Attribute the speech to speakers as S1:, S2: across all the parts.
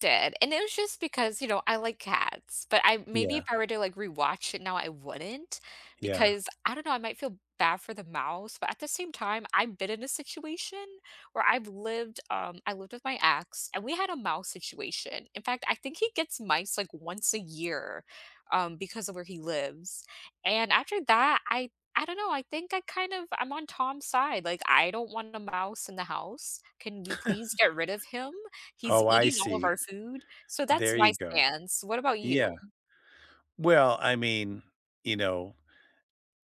S1: Did and it was just because, you know, I like cats, but I maybe if
S2: Yeah.
S1: I were to, like, rewatch it now I wouldn't.
S2: Yeah.
S1: Because I don't know, I might feel bad for the mouse, but at the same time, I've been in a situation where I've lived, um, I lived with my ex, and we had a mouse situation. In fact, I think he gets mice like once a year, um, because of where he lives, and after that, I I don't know, I think I kind of I'm on Tom's side. Like, I don't want a mouse in the house, can we please get rid of him? He's
S2: Oh, I
S1: eating all of
S2: see.
S1: our food, so, that's
S2: There
S1: my
S2: you go.
S1: stance. What about
S2: Yeah.
S1: you?
S2: Well, I mean, you know.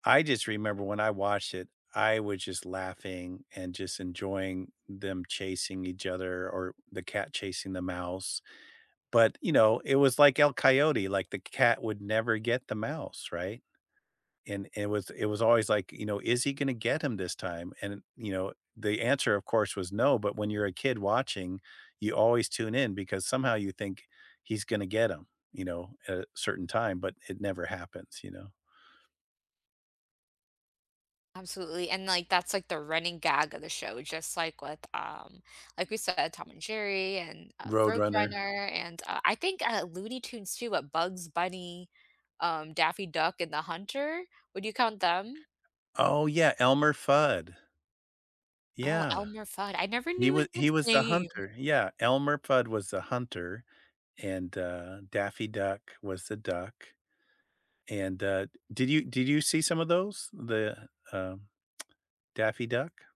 S2: I just remember when I watched it, I wa just laughing and just enjoying them chasing each other or or the cat chasing the mouse, but, you know, it was, like, El Coyote, like, the c cat would never get the mouse, right? And it was it was always, like, you know, is he gonna get him this time, and, you know, the answer, of course, was no, but when you're a kid watching, you always tune in because somehow you think he's gonna get him, you know, at a certain time, but it never happens, you know.
S1: Absolutely, and, like, that's, like, the running gag of the show, just like with, um like we said, Tom and Jerry and, uh,
S2: Roadrunner.
S1: Roadrunner and, uh, I think, uh, Looney Tunes too, but Bugs Bunny, um, Daffy Duck and The Hunter, would you count them?
S2: Oh yeah, Elmer Fudd.
S1: Oh,
S2: Yeah.
S1: Elmer Fudd, I never
S2: He wa
S1: knew
S2: he
S1: his
S2: was the
S1: name.
S2: hunter, yeah, Elmer Fudd was the hunter, and, uh, Daffy Duck was the duck. And, uh, d did you did you see some of those, the, um, Daffy Duck?